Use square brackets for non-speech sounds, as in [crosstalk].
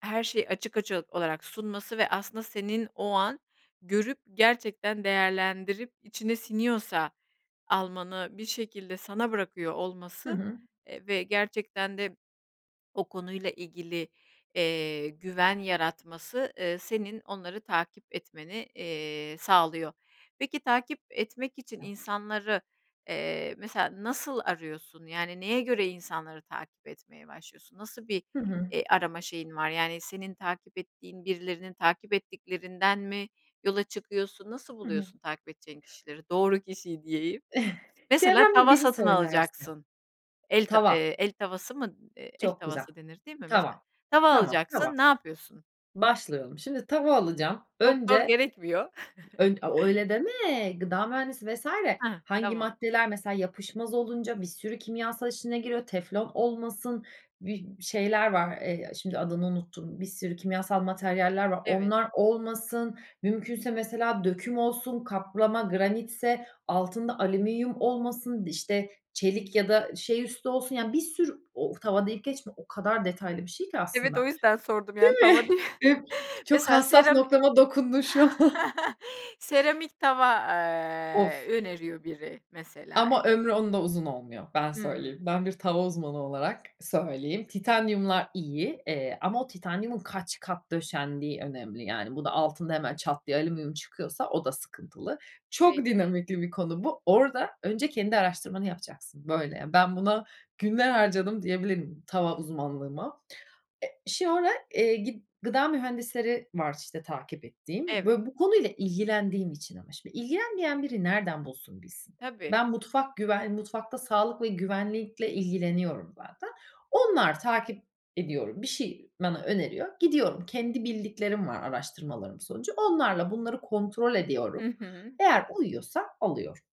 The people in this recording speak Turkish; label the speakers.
Speaker 1: Her şeyi açık açık olarak sunması ve aslında senin o an görüp gerçekten değerlendirip içine siniyorsa almanı bir şekilde sana bırakıyor
Speaker 2: Hı
Speaker 1: olması,
Speaker 2: hı.
Speaker 1: eee, ve gerçekten de o konuyla ilgili, eee, güven yaratması, ııı, senin onları takip etmeni, eee, sağlıyor. Peki, takip etmek için insanları mesela nasıl arıyorsun yani neye göre insanları takip etmeye başlıyorsun, nasıl bir,
Speaker 2: Hı hı.
Speaker 1: e, arama şeyin var yani senin takip ettiğin birilerinin takip ettiklerinden mi yola çıkıyorsun, nasıl
Speaker 2: Hı hı.
Speaker 1: buluyorsun takip edeceğin kişileri, doğru kişiyi diyeyim,
Speaker 2: [chuckles]
Speaker 1: mesela
Speaker 2: Çevremde
Speaker 1: tava
Speaker 2: biri
Speaker 1: satın
Speaker 2: söylerse.
Speaker 1: alacaksın, el tav
Speaker 2: Tava.
Speaker 1: eee, el tavası mı? El
Speaker 2: Çok güzel.
Speaker 1: tavası denir değil mi? Mesela
Speaker 2: Tava.
Speaker 1: tava
Speaker 2: Tamam, tava.
Speaker 1: alacaksın ne yapıyorsun?
Speaker 2: Başlayalım. Şimdi tava alacağım.
Speaker 1: Doktor
Speaker 2: Önce
Speaker 1: gerekmiyor. [chuckles]
Speaker 2: eee, ö o öyle deme, gıda mühendisi vs.
Speaker 1: Hıh.
Speaker 2: hangi
Speaker 1: Tamam.
Speaker 2: maddeler mesela yapışmaz olunca bir sürü kimyasal işine giriyor, teflon olmasın, bi şeyler var, eee, şimdi adını unuttuğum bir sürü kimyasal materyaller var,
Speaker 1: Evet.
Speaker 2: onlar olmasın, mümkünse mesela döküm olsun, kaplama, granitse, altında alüminyum olmasın, işte çelik ya da şey üstü olsun, yani bir sürü o tava deyip geçme, o kadar detaylı bir şey ki
Speaker 1: Evet
Speaker 2: aslında.
Speaker 1: o yüzden sordum
Speaker 2: Değil
Speaker 1: yani
Speaker 2: mi?
Speaker 1: tava diye,
Speaker 2: E,
Speaker 1: [chuckles]
Speaker 2: çok
Speaker 1: mesela
Speaker 2: hassas
Speaker 1: serami
Speaker 2: noktama dokundun şu an. [chuckles]
Speaker 1: [chuckles] seramik tava,
Speaker 2: Of.
Speaker 1: ııı, öneriyor biri mesela.
Speaker 2: Ama ömrü onda uzun olmuyor. Ben söyleyeyim.
Speaker 1: Hımm.
Speaker 2: Ben bir tava uzmanı olarak söyleyeyim. Titanyumlar iyi, eee, ama o titanyumun kaç kat döşendiği önemli yani bunun altında hemen çat diye alüminyum çıkıyorsa o da sıkıntılı. Çok
Speaker 1: Peki.
Speaker 2: dinamikli bir konu bu. Orada önce kendi araştırmanı yapacaksın. Böyle, yani, ben buna günler harcadım diyebilirim tava uzmanlığıma. E, şu ara, eee, gid gıda mühendisleri var işte takip ettiğim.
Speaker 1: Evet.
Speaker 2: Böyle bu konuyla ilgilendiğim için ama şimdi ilgilenmeyen biri nereden bulsun, bilsin.
Speaker 1: Tabii.
Speaker 2: Ben mutfak güvenliği, mutfakta sağlık ve güvenlikle ilgileniyorum zaten. Onları takip ediyorum. Bir şey bana öneriyor. Gidiyorum. Kendi bildiklerim var araştırmalarım sonucu. Onlarla bunları kontrol
Speaker 1: Hı
Speaker 2: ediyorum.
Speaker 1: hı.
Speaker 2: Eğer uyuyorsa alıyorum.